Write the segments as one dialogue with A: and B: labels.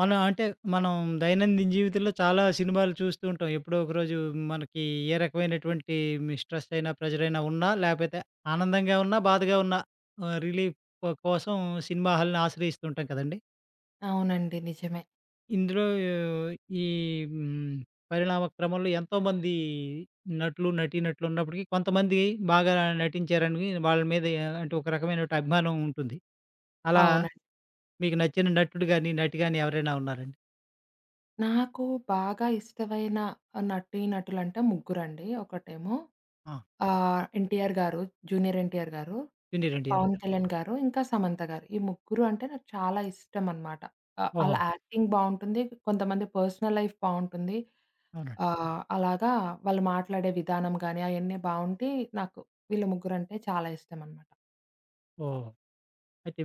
A: మన అంటే, మనం దైనందిన జీవితంలో చాలా సినిమాలు చూస్తూ ఉంటాం. ఎప్పుడో ఒకరోజు మనకి ఏ రకమైనటువంటే మి స్ట్రెస్ అయినా ప్రెజరైనా ఉన్నా, లేపోతే ఆనందంగా ఉన్నా, బాధగా ఉన్నా, ఆహ్, రిలీఫ్ కోసం సినిమా హాల్‌ని ఆశ్రయిస్తూ ఉంటాం కదండి!
B: అవునండి. నిజమే.
A: ఇందులో ఈ హ్మ్. పరిణామ క్రమంలో ఎంతోమంది నటులు, నటీ నటులున్నప్పటికి కొంతమంది బాగా నటించారనివి వాళ్ళ మీద యా అంటే, ఒక రకమైనటి అభిమానం ఉంటుంది. అలా
B: అవునండి.
A: మీకు నచ్చిన నటుడు గాని, నటి గాని ఎవరైనా ఉన్నారండి?
B: నాకు బాగా ఇష్టమైన నటీ నటులంటే ముగ్గురండి. ఒకటేమో,
A: ఆ!
B: ఆహ్, ఎన్‌టీఆర్ గారు 'జూనియర్ ఎన్‌టీఆర్' గారు,
A: 'జూనియర్ ఎన్‌టీఆర్.'
B: 'పవన్ కళ్యాణ్' గారు, ఇంకా 'సమంత' గారు. ఈ ముగ్గురు అంటే నాకు చాలా ఇష్టం అనమాట. ఆ! ఆళ్ళ
A: ఓహో!
B: యాక్టింగ్ బావుంటుంది. కొంతమంది పర్సనల్ లైఫ్ బావుంటుంది.
A: అవునండి.
B: ఆహ్, అలాగా వాళ్ళు మాట్లాడే విధానం గానీ అయన్నీ బావుండి నాకు వీళ్ళు ముగ్గురంటే చాలా ఇష్టం అనమాట.
A: ఓహ్! అయితే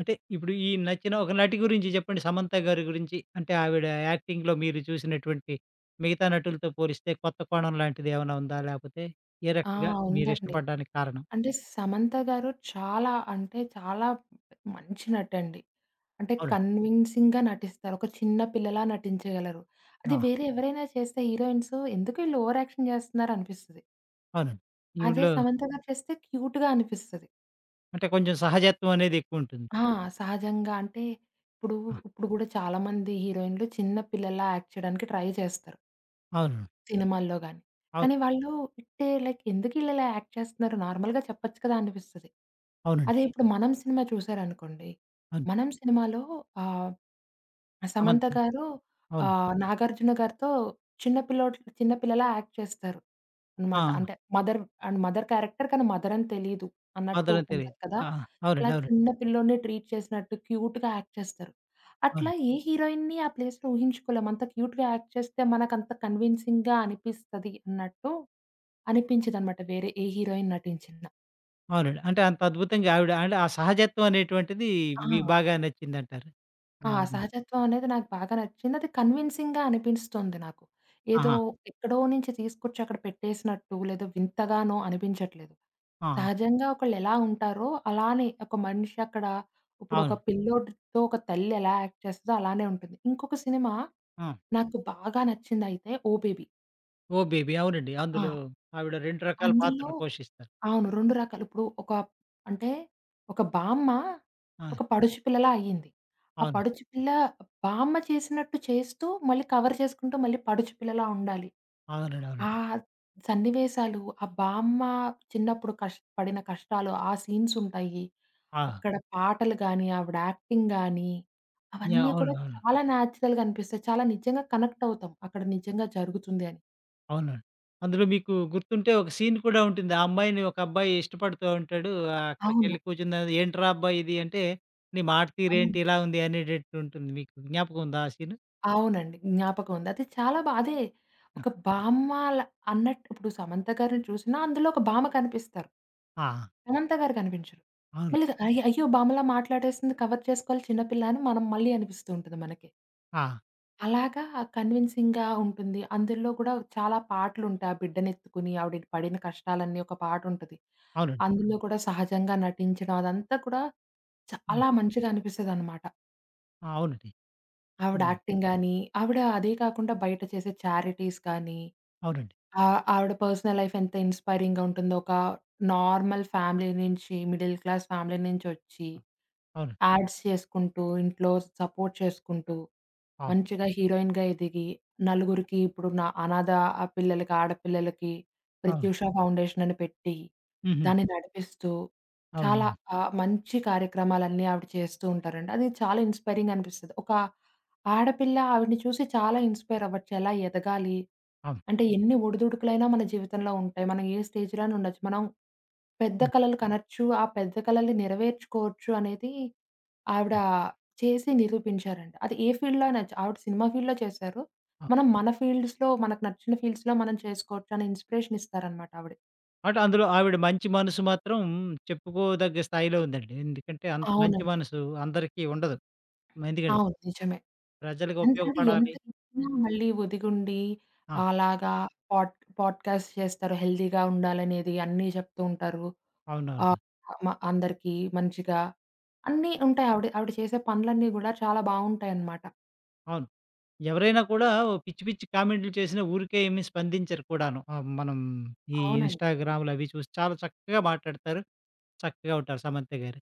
A: అంటే ఇప్పుడు ఈ నచ్చిన ఒక నటి గురించి జెప్పండి 'సమంత' గారి గురించి? అంటే, ఆవిడ యాక్టింగ్‌లో మీరు చూసినటువంటి మిగతా నటులతో పోలిస్తే, కొత్త కోణం లాంటిదేవన్నా ఉందా? లేపోతే, ఏ
B: ఆ!
A: రకంగా మీరు
B: ఉందండి.
A: ఇష్టపడ్డానికి కారణం?
B: అంటే, 'సమంత' గారు చాలా అంటే చాలా మంచి నటండి. అంటే,
A: అవునండి.
B: కన్విన్సింగ్‌గా నటిస్తారు. ఒక చిన్న పిల్లలా నటించగలరు. అది
A: ఆ!
B: వేరే ఎవరైనా చేస్తే హీరోయిన్స్ ఎందుకు ఈళ్ళు ఓవర్‌యాక్షన్ జేస్తున్నారు అనిపిస్తది.
A: అవునండి.
B: అదే
A: ఈవిడ్లో
B: 'సమంత' గారు చేస్తే క్యూట్‌గా అనిపిస్తది.
A: అంటే కొంచెం సహజత్వం అనేదెక్కువుంటుంది.
B: ఆ! సహజంగా అంటే, ఇప్పుడు
A: ఆ!
B: ఇప్పుడు గూడా చాలామంది హీరోయిన్‌లు చిన్న పిల్లలా యాక్ట్ చేయడానికి ట్రై చేస్తారు.
A: అవును.
B: సినిమాల్లో గాని.
A: అవును.
B: కానీ వాళ్ళు ఇట్టే లైక్ ఎందుకీళ్ళిలా యాక్ట్ చేస్తున్నారు నార్మల్‌గా చెప్పచ్చు కదా అనిపిస్తది. అది
A: అవునండి.
B: ఇప్పుడు 'మనం' సినిమా చూసారనుకోండి.
A: అవును.
B: 'మనం' సినిమాలో ఆహ్, 'సమంత'
A: సమంతే.
B: గారు.
A: అవును.
B: ఆహ్, 'నాగార్జున' గారితో చిన్న పిల్లోడు చిన్న పిల్లలా యాక్ట్ చేస్తారు అనమాట.
A: ఆ!
B: అంటే మదర్ అండ్ మదర్ క్యారెక్టర్ కానీ మదర్ అని తెలీదు అన్నట్టు
A: మదర్ అని తెలీదు.
B: ఉంటది కదా!
A: ఆ!
B: ఇలా
A: అవునండి. అవునండి.
B: చిన్న పిల్లోడినే ట్రీట్ చేసినట్టు క్యూట్‌గా యాక్ట్ చేస్తారు. అట్లా
A: అవునండి.
B: ఏ హీరోయిన్‌ని ఆ ప్లేస్‌లో ఊహించుకోలేమ. అంత క్యూట్‌గా యాక్ట్ చేస్తే మనకంత కన్వీన్సింగ్‌గా అనిపిస్తది అన్నట్టు అనిపించదనమాట వేరే ఏ హీరోయిన్ నటించినా.
A: అవునండి. అంటే అంత అద్భుతంగా ఆవిడ అంటే ఆ సహజత్వం అనేటువంటిది మీకు
B: ఆ!
A: బాగా నచ్చిందంటారు?
B: ఆ!
A: ఆ! హ్మ్.
B: సహజత్వం అనేది నాకు బాగా నచ్చింది. అది కన్విన్సింగ్‌గా అనిపిస్తుంది నాకు. ఏదో
A: ఆహా!
B: ఎక్కడో నుంచి తీసుకొచ్చి అక్కడ పెట్టేసినట్టు లేదో వింతగానో అనిపించట్లేదు.
A: ఆహా!
B: సహజంగా ఒకళ్ళు ఎలా ఉంటారో అలానే ఒక మనిషి అక్కడ ఇప్పుడు ఒక
A: అవును.
B: పిల్లోడితో ఒక తల్లి ఎలా యాక్ట్ చేస్తదో అలానే ఉంటది. ఇంకొక సినిమా,
A: ఆ!
B: నాకు బాగా నచ్చిందైతే 'ఓ బేబీ'.
A: 'ఓ బేబీ.' అవునండి.
B: ఆ!
A: అందులో ఆవిడ 2 రకాల
B: అందులో
A: పాత్రలు పోషిస్తారు.
B: అవును. 2 రకాలు ఇప్పుడు ఒక అంటే ఒక బామ్మా,
A: ఆ!
B: ఒక పడుచి పిల్లలా అయింది. ఆ
A: అవును.
B: పడుచుపిల్ల బామ్మ చేసినట్టు చేస్తూ మళ్ళీ కవర్ చేసుకుంటూ మళ్ళీ పడుచుపిల్లలా ఉండాలి.
A: అవునండి.
B: ఆ!
A: అవునండి.
B: సన్నివేసాలు, ఆ బామ్మ చిన్నప్పుడు కష్ పడిన కష్టాలు, ఆ సీన్సుంటాయి.
A: ఆ!
B: అక్కడ పాటలు గానీ, ఆవిడ యాక్టింగ్ గాని,
A: యాహ్!
B: అవన్నీ
A: అవును
B: కూడా
A: అవును.
B: చాలా నేచురల్‌గా అనిపిస్తాయి. చాలా నిజంగా కనెక్టవుతాం. అక్కడ నిజంగా జరుగుతుంది అని.
A: అవునండి. అందులో మీకు గుర్తుంటే ఒక సీన్ కూడా ఉంటుంది. ఆ అమ్మాయిని ఒక అబ్బాయి ఇష్టపడుతా ఉంటాడు. ఆ
B: అవును.
A: అక్కడికెళ్ళి కూర్చుందర్వాత ఏంటిరా అబ్బాయి ఇది అంటే, నీ
B: అవును.
A: మాటతీరేంటి ఇలా ఉంది? అనేటట్టు ఉంటుంది మీకు జ్ఞాపకం ఉందా? ఆ సీను?
B: అవునండి. జ్ఞాపకం ఉంది. అది చాలా బా అదే.
A: హ్మ్.
B: ఒక బామ్మాల అన్నట్టు ఇప్పుడు సమంత గారిని చూసినా అందులో ఒక భామ కనిపిస్తారు.
A: ఆ!
B: సమంత గారు కనిపించరు. మ
A: అవును.
B: లేదు. అయ్య! అయ్యో! బామ్మలా మాట్లాడేసింది. కవర్ చేసుకోవాలి చిన్న పిల్ల అని మనం మళ్ళీ అనిపిస్తూ ఉంటది మనకే.
A: ఆ!
B: అలాగా కన్విన్సింగ్‌గా ఉంటుంది. అందుల్లో కూడా చాలా పాటలుంటాయి. ఆ బిడ్డనెత్తుకొని ఆవిడి ని పడిన కష్టాలన్నీ ఒక పాటుంటది.
A: అవునండి.
B: అందులో కూడా సహజంగా నటించడం అదంతా కూడా
A: అవును.
B: చాలా మంచిగా అనిపిస్తదనమాట.
A: అవునండి.
B: ఆవిడ
A: హ్మ్.
B: యాక్టింగ్ గానీ, ఆవిడ అదే కాకుండా, బయట చేసే చారిటీస్‌ గానీ.
A: అవునండి.
B: ఆహ్, ఆవిడ పర్సనల్ లైఫెంత ఇన్స్పైరింగుంటుందో, ఒక నార్మల్ ఫ్యామిలీ నుంచి, మిడిల్ క్లాస్ ఫ్యామిలీ నుంచొచ్చి.
A: అవును.
B: యాడ్స్ చేసుకుంటూ, ఇంట్లో సపోర్ట్ చేసుకుంటూ.
A: ఆ!
B: మంచిగా హీరోయిన్‌గా ఎదిగి, నలుగురికి ఇప్పుడు న అనాధా పిల్లలకి, ఆడపిల్లలకి
A: అవును.
B: ప్రత్యుష ఫౌండేషనని పెట్టి.
A: హుహు.
B: దాన్ని నడిపిస్తూ. చాలా
A: అవును.
B: ఆహ్, మంచి కార్యక్రమాలన్నీ ఆవిడ చేస్తూ ఉంటారండి. అది చాలా ఇన్స్పైరింగనిపిస్తది. ఒక ఆడపిల్ల, ఆవిడ్ని చూసి చాలా ఇన్స్పైరవ్వచ్చు. ఎలా ఎదగాలి.
A: అవును.
B: అంటే, ఎన్ని ఒడిదుడుకులైనా మన జీవితంలో ఉంటాయి. మనం ఏ స్టేజ్‌లో అయిన ఉండొచ్చు. మనం, పెద్ద
A: అవును.
B: కలలు కనోచ్చు. ఆ పెద్ద కలల్ని నెరవేర్చుకోవచ్చు అనేది, ఆవిడ చేసి నిరూపించారండి. అది ఏ ఫీల్డ్‌లో అనొచ్చు ఆవిడ సినిమా ఫీల్డ్‌లో చేశారు?
A: ఆ!
B: మనం మన ‌ ఫీల్డ్స్‌లో మనకు నచ్చిన ఫీల్డ్స్‌లో మనం చేసుకోవచ్చని ఇన్స్పిరేషనిస్తారనమాట ఆవిడ.
A: అంటే, అందులో ఆవిడ మంచి మనసు మాత్రం చెప్పుకోదగ్గ స్థాయిలో ఉందండి. ఎందుకంటే అంత మంచి
B: అవునండి.
A: మనసు, అందరికి ఉండదు. మందిగాదు.
B: అవును. నిజమే.
A: ప్రజలకు
B: అంతంటే, ఎంత
A: ఉపయోగపడాలి
B: చేసినా మళ్ళీ వదిగుండి.
A: ఆ!
B: అలాగా పోడ్ పోడ్ కాస్ట్ చేస్తారు. హెల్దీగా ఉండాలనేది అన్నీ, చెప్తూ ఉంటారు. ఆ!
A: అవునవును.
B: మా అందరిక మంచిగా అన్నీ, ఉంటాయి ఆవిడ ఆవిడ చేసే పనులన్నీ కూడా చాలా బావుంటాయనామాట.
A: అవును. ఎవరైనా కూడా పిచ్చి పిచ్చి కామెంట్లు చేసిన ఊరికే ఏమి స్పందించరు కూడాను. ఆ మనం ఈ
B: అవునండి.
A: ఇన్‌స్టాగ్రాములవి చూసి చాలా చక్కగా మాట్లాడతారు. చక్కగా ఉంటారు 'సమంత' గారు.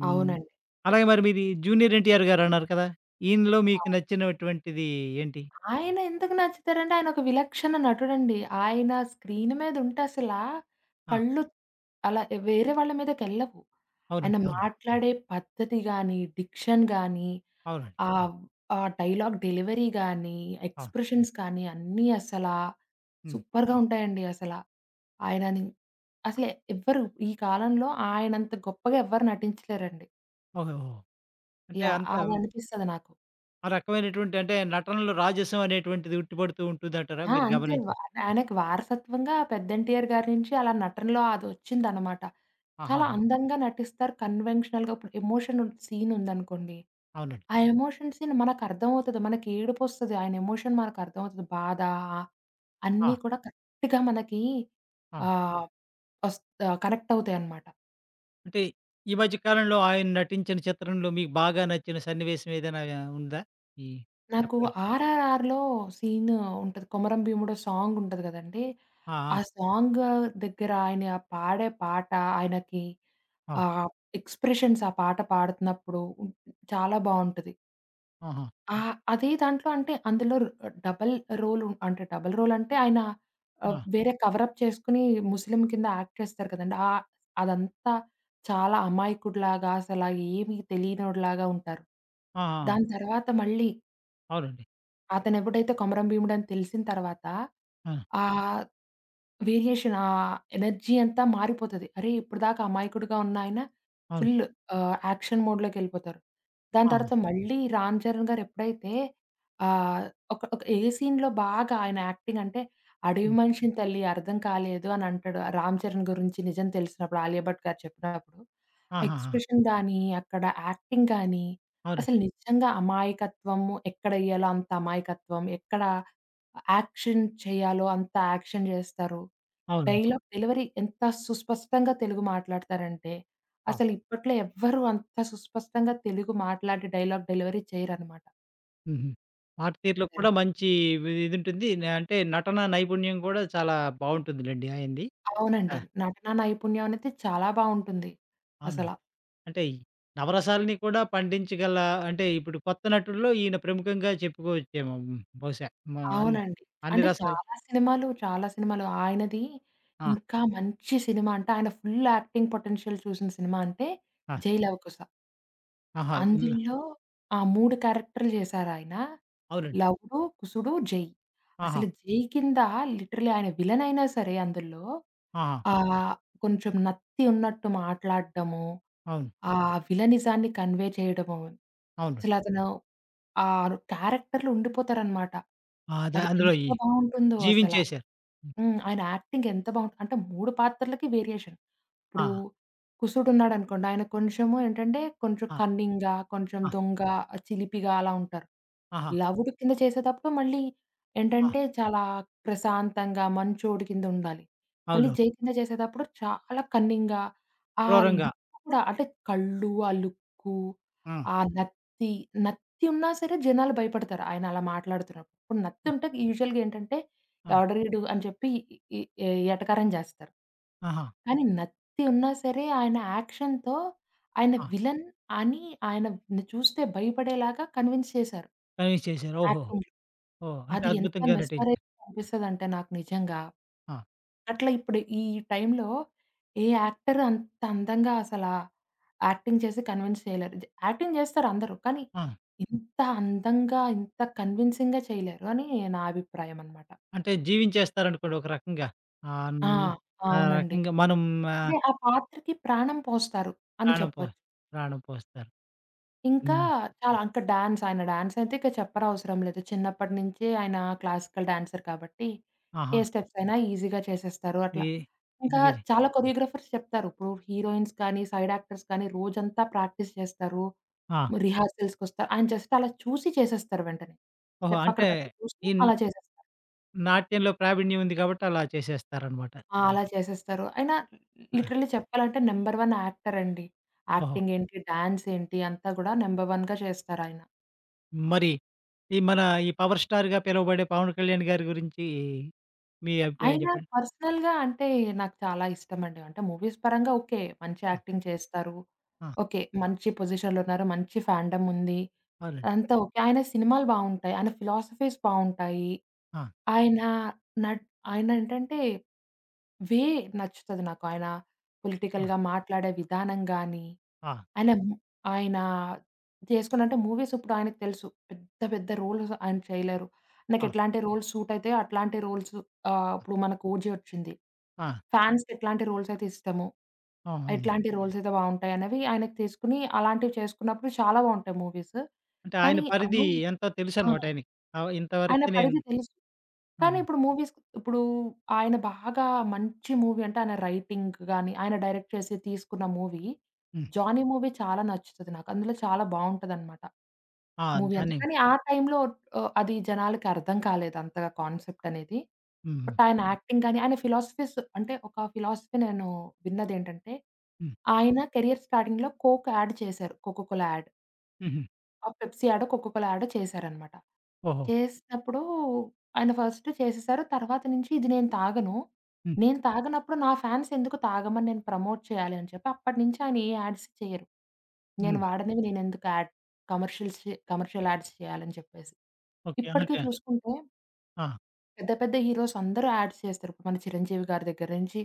A: హ్మ్.
B: అవునండి.
A: అలాగే మరి మీది 'జూనియర్ ఎన్టీఆర్' గారున్నారు కదా! ఈయనిలో మీకు
B: అవ్
A: నచ్చినటువంటిది ఏంటి?
B: ఆయన ఎందుకు నచ్చుతారంటే ఆయన ఒక విలక్షణ నటుడండి. ఆయన స్క్రీన్ మీద ఉంటే అసల,
A: ఆ!
B: కళ్ళు అలా వేరే వాళ్ళ మీదకెళ్ళవు. ఆయన
A: అవునండి. అవునండి.
B: మాట్లాడే పద్ధతి గానీ, డిక్షన్ గానీ
A: అవునండి.
B: ఆహ్, ఆహ్, డైలాగ్ డెలివరీ గానీ
A: ఆ!
B: ఎక్స్‌ప్రెషన్స్ కానీ అన్నీ అసలా,
A: హ్మ్.
B: సూపర్‌గా ఉంటాయండి అసల. ఆయనని, అసల ఎవ్వరు ఈ కాలంలో ఆయనంత గొప్పగా ఎవ్వరు నటించలేరండి.
A: ఓద ఓ అంటే
B: యాహ్!
A: అంత
B: అది
A: హ్మ్
B: అనిపిస్తది నాకు.
A: ఆ రకమైనటువంటి అంటే నటనలు రాజసం అనేటువంటిది ఉట్టిపడుతూ ఉంటుందంటారా
B: ఆ!
A: మీరు
B: అంతే
A: గమనించ
B: వ ఆయనకి వారసత్వంగా పెద్ద 'ఎన్టీఆర్' గారి నుంచి అలా నటనలో అది ఒచ్చిందనమాట. చాలా
A: ఆహాహా!
B: అందంగా నటిస్తారు. కన్వెన్షనల్‌గా, ఇప్పుడు ఎమోషన్ సీన్ ఉందనుకోండి.
A: అవునండి.
B: ఆ ఎమోషన్ సీన్ మనకు అర్థమవుతది. మనకి ఏడుపొస్తది. ఆయన ఎమోషన్ మనకు అర్థమవుతది. బాధ. ఆ అన్నీ
A: ఆ!
B: కూడా కరెక్ట్‌గా మనకి,
A: ఆ!
B: ఆహ్, వస్ ఆహ్, కనెక్ట్ అవుతాయన్నమాట.
A: అంటే, ఈ మధ్య కాలంలో ఆయన నటించిన చిత్రంలో మీకు బాగా నచ్చిన సన్నివేశం ఏదైనా ఉందా? ఈ
B: నాకు
A: చెప్పగ
B: 'ఆర్ఆర్ఆర్‌లో' సీను ఉంటది. 'కొమరం భీముడో' సాంగుంటది గదండీ!
A: ఆ!
B: ఆ
A: ఆ!
B: సాంగ్ దగ్గర ఆయన పాడే పాట ఆయనకి
A: అవును.
B: ఆహ్, ఎక్స్‌ప్రెషన్స్ ఆ పాట పాడుతున్నప్పుడు, చాలా బావుంటది.
A: ఆహా!
B: ఆ! అదే దాంట్లో అంటే అందులో ర డబుల్ రోలు అంటే, డబల్ రోల్ అంటే, ఆయన ఆహ్
A: ఆ!
B: వేరే కవరప్ చేసుకొని ముస్లిం కింద యాక్ట్ చేస్తారు కదండీ! ఆ! అదంతా చాలా అమాయకుడిలాగా అసలా ఏమి తెలియనోడిలాగా ఉంటారు.
A: ఆ! ఆ!
B: దాని తర్వాత మళ్ళీ
A: అవునండి.
B: అతనెప్పుడైతే కొమరం భీముడని తెలిసిన తర్వాత
A: ఆ!
B: ఆహ్, వేరియేషన్ ఆహ్, ఎనర్జీ అంతా మారిపోతది. అరే! ఇప్పటిదాకా ఆ మాయకుడిగా ఉన్నాయన
A: అవును.
B: ఫుల్లు ఆహ్, యాక్షన్ మోడ్‌లోకెళ్ళిపోతారు. దాని
A: ఆ!
B: తర్వాత మళ్ళీ 'రామ్ చరణ్' గారు ఎప్పుడైతే ఆహ్, ఒక ఒక ఏ సీన్‌లో బాగా ఆయన యాక్టింగ్ అంటే, "అడవి
A: హ్మ్.
B: మనిషిని తల్లి అర్థం కాలేదు" అని అంటాడు 'రామ్ చరణ్' గురించి నిజం తెలిసినప్పుడు 'ఆలియభట్' గారు చెప్పినప్పుడు. ఆ
A: ఆహాహా!
B: ఎక్స్‌ప్రెషన్స్ గానీ, అక్కడ యాక్టింగ్ గానీ,
A: అవునండి.
B: అసలు నిజంగా అమాయకత్వము ఎక్కడెయ్యాలో అంత అమాయకత్వం, ఎక్కడ యాక్షన్ చేయాలో అంత యాక్షన్ జేస్తారు.
A: అవును.
B: డైలాగ్ డెలివరీ ఎంత సుస్పష్టంగా తెలుగు మాట్లాడతారంటే,
A: ఆ!
B: అసలిప్పట్లో ఎవ్వరు అంత సుస్పష్టంగా తెలుగు మాట్లాడి డైలాగ్ డెలివరీ చేయరనమాట.
A: హుహు. మాటతీరులోకి
B: ఓకే.
A: కూడా మంచి వి ఇదుంటుంది. న్ అంటే నటన నైపుణ్యం కూడా చాలా బావుంటుందిలెండి. ఆయనది. ఆ!
B: అవునండి. నటనా నైపుణ్యం అనేది చాలా బావుంటుంది.
A: అవును.
B: అసలా.
A: అంటే ఈ నవరసాలని కూడా పండించగల అంటే ఇప్పుడు కొత్త నటుల్లో ఈయన ప్రముఖంగా చెప్పుకోవచ్చేమొ బహుశా మా అన్
B: అవునండి.
A: అన్ని
B: అంటే
A: రసాలు.
B: చాలా సినిమాలు చాలా సినిమాలు. ఆయనది
A: ఆ!
B: ఇంకా మంచి సినిమా అంటే ఆయన ఫుల్ యాక్టింగ్ పొటెన్షియల్ చూసిన సినిమా అంటే
A: ఆ!
B: 'జైలవకుశ'.
A: ఆహా! ఉన్నా
B: అందుల్లో ఆ! 3 క్యారెక్టర్లు జేశారాయన.
A: అవునండి.
B: లవుడు, కుసుడు, జై. అసలు
A: ఆహా!
B: జై కిందా లిటరల్లీ ఆయన విలనైనా సరే అందుల్లో.
A: ఆహా!
B: ఆహ్, కొంచెం నత్తి ఉన్నట్టు మాట్లాడ్డము.
A: అవును.
B: ఆ విలనిజాన్ని కన్వే చేయడము.
A: అవును.
B: అసలతను ఆరు క్యారెక్టర్‌లో ఉండిపోతారనమాట.
A: ఆదే
B: అది ఎంత
A: అందులోయి.
B: బావుంటుందో అసలా.
A: జీవించేశారు. హ్మ్.
B: హ్మ్. ఆయన యాక్టింగ్ ఎంత బావుంటు అంటే 3 పాత్రలకి వేరియేషన్. ఇప్పుడు
A: ఆహా!
B: కుశుడున్నాడనుకోండి. ఆయన కొంచెము ఏంటంటే కొంచెం
A: ఆ!
B: కన్నింగా, కొంచెం
A: ఆ!
B: దొంగ చిలిపిగా అలా ఉంటారు.
A: ఆహా!
B: లవుడు కింద చేసేతప్పుడు మళ్ళీ
A: ఆ!
B: ఏంటంటే చాలా ప్రశాంతంగా మంచొడికిందుండాలి. మళ్ళీ
A: అవును.
B: జై కింద చేసేతప్పుడు చాలా కన్నింగ్‌గా. ఆ
A: క్రూరంగా.
B: లుక్కు కూడా అంటే కళ్ళు, ఆ లుక్కు,
A: ఆ!
B: ఆ నత్తి, నత్తి ఉన్నా సరే జనాలు భయపడతారు. ఆయనలా మాట్లాడుతున్నప్పుడు. ఇప్పుడు
A: ఆ!
B: నత్తింటే యూజువల్‌గా ఏంటంటే
A: అవును.
B: ఎవడ్రా ఈడు ఇడు అని చెప్పి ఈ ఏ ఎటకారం జేస్తారు.
A: ఆహా!
B: కానీ నత్తి ఉన్నా సరే ఆయన యాక్షన్‌తో, ఆయన
A: ఆ!
B: విలన్ అని ఆయన‌ని చూస్తే భయపడేలాగా కన్విన్స్ చేశారు.
A: కన్విన్స్ చేసారు. ఓహో!
B: యాక్టింగ్.
A: ఓహ్! అంటే
B: అది ఎంత
A: అద్భుతంగా నటించా
B: మెస్మరైజింగ్‌గా అనిపిస్తదంటే నాకు నిజంగా.
A: ఆ!
B: అట్లా ఇప్పుడు ఈ టైంలో ఏ యాక్టర్ అంత అందంగా అసలా. యాక్టింగ్ చేసి కన్విెన్స్ చేయలేరు. జ యాక్టింగ్ చేస్తారందరూ. కానీ.
A: ఆ!
B: ఇంత అందంగా ఇంత కన్విన్సింగ్‌గా చేయలేరు అని నా అభిప్రాయం అనమాట.
A: అంటే జీవించేస్తారనుకోండి ఒక రకంగా. ఆన్
B: ఆ!
A: ఆ
B: అవునండి.
A: రకంగా మనం ఆ
B: అంటే ఆ పాత్రకి ప్రాణం పోస్తారు అని
A: ప్రాణం పో
B: చెప్పొచ్చు.
A: ప్రాణం పోస్తారు.
B: ఇంకా
A: హ్మ్.
B: చాలా అంకా డాన్స్. ఆయన డాన్సైయితే ఇంక చెప్పరవసరం లేదు. చిన్నప్పటి నుంచి ఆయన క్లాసికల్ డాన్సర్ కాబట్టి ఏ
A: ఆహా!
B: స్టెప్సైనా ఈజీగా చేసేస్తారు అట్లా.
A: ఏ
B: ఇంకా
A: ఇదిగో జా
B: చాలా కొరియోగ్రాఫర్స్ చెప్తారు. ఇప్పుడూ హీరోయిన్స్ కానీ, సైడ్ యాక్టర్స్ కానీ రోజంతా ప్రాక్టీస్ చేస్తారు.
A: ఆ!
B: రిహార్సల్స్‌కొస్తారు. ఆయన జస్ట్ అలా చూసి చేసేస్తారు వెంటనే.
A: ఓహో!
B: స్టెప్
A: అంటే
B: అక్కడికక్కడ చూసుకొని
A: ఇన్
B: అలా చేసేస్తా
A: నాట్యంలో ప్రావీణ్యం ఉంది కాబట్టి అలా చేసేస్తారనమాట.
B: ఆ! అలా చేసేస్తారు. ఆయన
A: ఆ!
B: లిటరల్లీ చెప్పాలంటే నంబర్ 1 యాక్టరండి.
A: ఓహో!
B: యాక్టింగేంటి డాన్సేంటి అంతా కూడా నంబర్ 1గా చేస్తారయన.
A: మరి. ఈ మన ఈ పవర్ స్టార్‌గా పిలవబడే 'పవన్ కళ్యాణ్' గారి గురించి. మీ అభిప్రాయం
B: అయినా
A: చెప్పండి.
B: పర్సనల్‌గా అంటే నాకు చాలా ఇష్టమండి. అంటే మూవీస్ పరంగా ఓకే. మంచి
A: ఆ!
B: యాక్టింగ్ చేస్తారు.
A: ఆ!
B: ఓకే. మంచి పొజిషన్‌లో ఉన్నారు. మంచి ఫాండమ్ ఉంది.
A: అవునండి.
B: అంతా ఓకె. ఆయన సినిమాలు బావుంటాయి. ఆయన ఫిలాసఫీస్ బావుంటాయి.
A: ఆ!
B: ఆయన నట్ ఆయన ఏంటంటే వే నచ్చుతది నాకు ఆయన,
A: ఆ!
B: పొలిటికల్‌గా మాట్లాడే విధానం గానీ.
A: ఆ!
B: ఆయనా ము ఆయన జేసుకున్నంటే మూవీస్ ఇప్పుడాయనకి తెలుసు. పెద్ద పెద్ద రోల్స్ ఆయన చేయలేరు.
A: ఆ!
B: నాకెట్లాంటి రోల్స్ సూట్ అయితాయో అట్లాంటి రోల్స్ ఆహ్,
A: ఆ!
B: ఇప్పుడు మనకు 'ఓజీ' ఒచ్చింది.
A: ఆ!
B: ఫాన్స్‌కి ఎట్లాంటి రోల్స్ అయితే ఇష్టము?
A: ఆహా!
B: ఎట్లాంటి రోల్స్ అయితే బావుంటాయి అనేవి ఆయనకి తీసుకొని అలాంటివి చేసుకున్నప్పుడు చాలా బావుంటాయి మూవీస్.
A: అంటే ఆయన
B: కానీ
A: పరిధి
B: అన్నీ
A: ఎంతో
B: ఆ!
A: తెలుసనమాట ఆయనకి. ఆ
B: ఆయన
A: ఇంతవరకే నేను
B: పరిధి తెలుసు.
A: ఆ! ఆ!
B: కానీ ఇప్పుడు మూవీస్ ఇప్పుడు ఆయన బాగా మంచి మూవీ అంటే ఆయన రైటింగ్ గాని, ఆయన డైరెక్ట్ చేసి తీసుకున్న మూవీ
A: హ్మ్.
B: 'జాని' మూవీ చాలా నచ్చుతది నాకు. అందులో చాలా బావుంటదనమాట.
A: ఆ!
B: మూవీ అంత.
A: 'జాని'.
B: కానీ ఆ టైంలో ఆహ్, అది జనాలకి అర్థం కాలేదంతగా కాన్సెప్ట్ అనేది.
A: హుహు.
B: బట్ ఆయన యాక్టింగ్ గాని, ఆయన ఫిలాసఫీస్ అంటే ఒక ఫిలాసఫీ నేను విన్నదేంటంటే,
A: హ్మ్.
B: ఆయన కెరిర్ స్టార్డింగ్‌లో 'కోక్' యాడ్ చేశారు. 'కోకోకో'ల యాడ్.
A: హుహు.
B: ఆ! పెప్సి యాడో, కోకొకోల యాడో చేసారనమాట.
A: ఓహో!
B: చేసినప్పుడు ఆయన ఫస్ట్ చేసేసారు. తర్వాత నుంచి "ఇది నేను తాగను,
A: హ్మ్.
B: నేను తాగనప్పుడు నా ఫ్యాన్స్ ఎందుకు తాగమని, నేను ప్రమోట్ చేయాలి" అని చెప్పి, అప్పటి నుంచి ఆయన ఏ యాడ్స్ చేయరు. నేను
A: హ్మ్.
B: వాడనేవి నేను ఎందుకు ఆడ్ కమర్షియల్ చే కమర్షియల్ యాడ్స్ చేయాలని చెప్పేసి.
A: ఓకే
B: ఇప్పటికే
A: అనకా.
B: చూసుకుంటే...
A: ఆ!
B: పెద్ద, పెద్ద హీరోసందరూ యాడ్స్ చేస్తారు. ఇపుడు మన చిరంజీవి గారి దగ్గర నుంచి,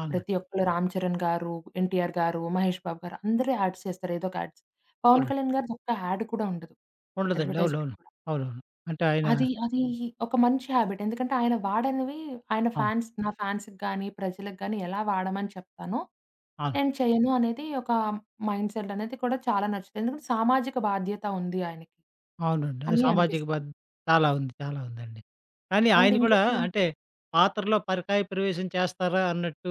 A: అవునా!
B: ప్రతి ఒక్కళ్ళు రామ్ చరణ్ గారు, ఎన్టీఆర్ గారు, మహేష్ బాబు గారు అందరూ యాడ్స్ చేస్తారు. ఏదో ఒక యాడ్స్. పవన్
A: అవునండి.
B: కళ్యాణ్ గారి దొక్క యాడ్ కూడా ఉండదు.
A: ఉండదండి.
B: అడ్వర్టైజ్‌మెంట్.
A: అవునవును.
B: కూడా.
A: అవునవును. అంటే ఆయన
B: అది, అది ఒక మంచి హాబిట్. ఎందుకంటే, ఆయన వాడనివి ఆయన
A: అవును.
B: ఫాన్స్ "నా ఫాన్స్‌కి గాని, ప్రజకి గాని, ఎలా వాడమని చెప్తాను,
A: ఆహా!
B: నేను చేయను" అనేది ఒక మైండ్ సేటనేది కూడా చాలా నచ్చుది. ఎందుకంటే సామాజిక బాధ్యత ఉంది ఆయనకి.
A: అవునండి. ఆ
B: అని
A: సామాజిక
B: అనిపిస్తంది.
A: బద్ చాలా ఉంది. చాలా ఉందండి. కానీ
B: అండ్
A: ఆయన కూడా
B: ఇంకొకటి
A: అంటే, పాత్రలో పరకాయ ప్రవేశం చేస్తారా? అన్నట్టు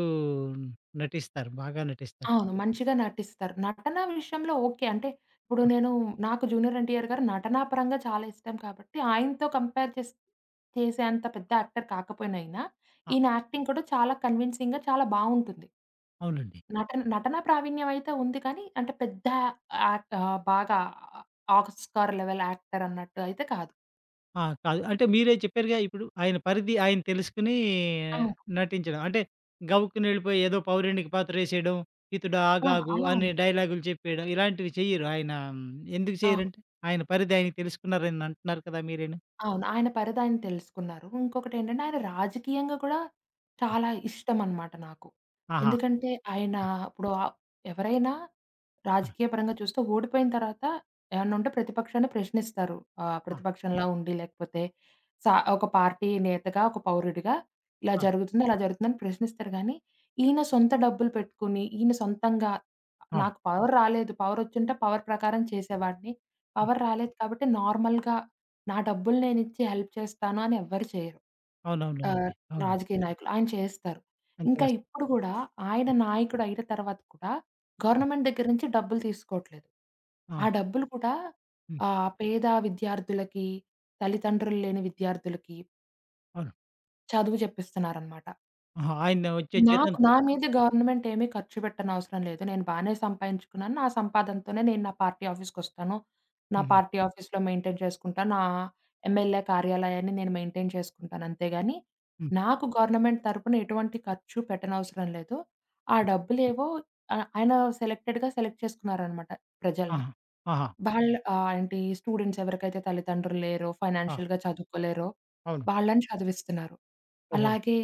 A: నటిస్తారు. బాగా నటిస్తారు.
B: అవును. మంచిగా నటిస్తారు. నటనా విషయంలో ఓకే, అంటే ఇప్పుడు
A: హ్మ్.
B: నేను నాకు జూనియర్ ఎన్టీఆర్ గారు నటనాపరంగా చాలా ఇష్టం కాబట్టి, ఆయనతో కంపేర్ చేస్ చేసే అంత పెద్ద యాక్టర్ కాకపోయిన ఈయనా,
A: ఆ!
B: ఈయన యాక్టింగ్ కూడా చాలా కన్విన్సింగ్‌గా, చాలా బావుంటుంది.
A: అవునండి.
B: నటన నటనా ప్రావీణ్యం అయితే ఉంది. కానీ, అంటే పెద్ద యాట్ ఆహ్, బాగా ఆ ఆస్కార్ లెవెల్ యాక్టరన్నట్టు అయితే కాదు.
A: ఆ! కాదు. అంటే మీరే చెప్పారుగా ఇప్పుడు ఆయన పరిధి ఆయన తెలుసుకొనీ
B: అవును.
A: నటించడం. అంటే గవుక్కునెళ్ళిపోయి ఏదో పౌరానిక పాత్రేసేయడం, "హితుడా
B: ఆ!
A: ఆగాగు"
B: అలా
A: అనే
B: హ్మ్.
A: డైలాగులు చెప్పేయడం. ఇలాంటివి చెయ్యరు. ఆయన ఎందుకు
B: అవును.
A: చేయ్యరంటే ఆయన పరిది ఆయన తెలుసుకున్నారని అంటున్నారు కదా మీరేను?
B: అవును. ఆయన పరిదాయన తెలుసుకున్నారు. ఇంకొకటేంటంటే, ఆయన రాజకీయంగా కూడా
A: ఆ!
B: చాలా ఇష్టం అనమాట నాకు.
A: ఆహా!
B: ఎందుకంటే ఆయన ఇప్పుడు ఆప్ ఎవరైనా?
A: ఆ!
B: రాజకీయ పరంగా చూస్తే ఓడిపోయిన తర్వాత ఏమన్నా ఉంటే ప్రతిపక్షాన్ని ప్రశ్నిస్తారు. ఆహ్,
A: ఆ!
B: ప్రతిపక్షంలా ఉండి లేకపోతే సా ఒక పార్టీ నేతగా, ఒక పౌరుడిగా ఇలా
A: అది.
B: జరుగుతుంది అలా జరుగుతుందని ప్రశ్నిస్తారు గానీ, ఈయన సొంత డబ్బులు పెట్టుకొని ఈయన సొంతంగా
A: అవును.
B: నాకు పవర్ రాలేదు. పవరొచ్చుంటే పవర్ ప్రకారం చేసేవాడిని.
A: హ్మ్.
B: పవర్ రాలేదు. కాబట్టి నార్మల్‌గా నా డబ్బులు నేనిచ్చి హెల్ప్ చేస్తాను అని ఎవ్వరు చేయరు. ఆహ్,
A: అవునవునవునండి. అవునండి.
B: రాజకీయ నాయకులు, ఆయన చేస్తారు.
A: అంత
B: ఇంకా
A: కస్
B: ఇప్పుడు కూడా ఆయన
A: హ్మ్.
B: నాయకుడయిన తర్వాత కూడా
A: హ్మ్.
B: గవర్నమెంట్ దగ్గర నుంచి డబ్బులు తీసుకోవట్లేదు. ఆ
A: అవును.
B: డబ్బులు కూడా
A: హ్మ్.
B: ఆహ్, పేద విద్యార్థులకి, తల్లిదండ్రులు లేని విద్యార్థులకి
A: అవును.
B: చదువు జెప్పిస్తున్నారనమాట.
A: ఆహా! ఆయన వచ్చే
B: నాకు నా
A: జీతంతోటా?
B: మీద గవర్నమెంట్ ఏమీ ఖర్చుపెట్టనవసరం లేదు. నేను బానే సంపాయించుకున్నాను. నా సంపాదనతోనే నేను నా పార్టీ ఆఫీస్‌కొస్తాను. నా
A: హుహు.
B: పార్టీ ఆఫీస్‌లొ మెయింటైన్ చేసుకుంటా. నా ఎమ్మెల్యే కార్యాలయాన్ని నేను మెయింటైన్ చేసుకుంటాను. అంతేగాని.
A: హ్మ్.
B: నాకు గవర్నమెంట్ తరపున ఎటువంటి ఖర్చు పెట్టనవసరం లేదు. ఆ డబ్బులేవో ఆహ్, ఆయన సెలెక్టెడ్‌గా సెలెక్ట్ చేసుకున్నారనమాట ప్రజల్ని.
A: ఆహా! ఆహా!
B: వాళ్ళు ఆహ్, ఏంటి స్టూడెంట్స్ ఎవరికైతే తల్లిదండ్రులు లేరో,
A: ఆ!
B: ఫైనాన్షియల్‌గా చదువుకోలేరో.
A: అవును.
B: వాళ్ళని చదివిస్తున్నారు.
A: ఓహో!
B: అలాగే.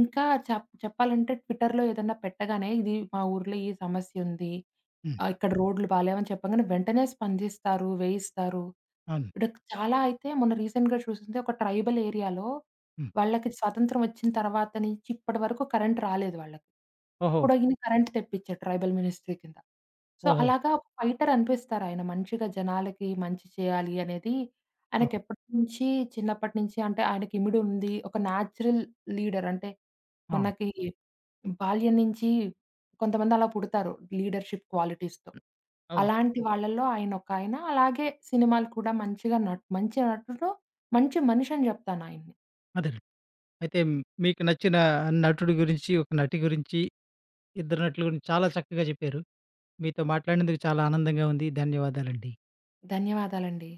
B: ఇంకా చెప్ చెప్పాలంటే ట్విట్టర్‌లో ఏదన్నా పెట్టగానే ఇది మా ఊర్లో ఈ సమస్యుంది.
A: హ్మ్.
B: ఆ! ఇక్కడ రోడ్లు బాలేమని చెప్పాం గానే, వెంటనే స్పందిస్తారు. వేయిస్తారు.
A: అవును.
B: ఇడ చాలా అయితే మొన్న రీసెంట్‌గా చూసింది ఒక ట్రైబల్ ఏరియాలో.
A: హ్మ్.
B: వాళ్ళకి స్వతంత్రం వచ్చిన తర్వాత నుంచి ఇప్పటి వరకు కరెంట్ రాలేదు వాళ్ళకి.
A: ఓహో!
B: ఇప్పుడు ఈయన కరెంట్ తెప్పించారు. ట్రైబల్ మినిస్ట్రీ కింద. సో
A: ఓహో!
B: అలాగా ఒక ఫైటర్ అనిపిస్తారు ఆయన. మంచిగా జనాలకి మంచి చేయాలి అనేది. ఆయనకి
A: ఓహ్!
B: ఎప్పటి నుంచి చిన్నప్పటి నుంచి అంటే ఆయనకి ఇమిడు ఉంది. ఒక నేచురల్ లీడర్ అంటే,
A: అవును.
B: మనకి బాల్యం నుంచి కొంతమంది అలా పుడతారు లీడర్షిప్ క్వాలిటీస్‌తో.
A: అవునండి.
B: అలాంటి వాళ్ళల్లో ఆయనొకాయన అలాగే సినిమాలు కూడా మంచిగా నట్ మంచి నటుడు. మంచి మనిషని జెప్తానాయన్ని.
A: అదేలెండి. అయితే మీకు నచ్చిన నటుడి గురించి, ఒక నటి గురించి. ఇద్దరు నటుల గురించి చాలా చక్కగా చెప్పారు. మీతో మాట్లాడినందుకు చాలా ఆనందంగా ఉంది. ధన్యవాదాలండి.
B: ధన్యవాదాలండి.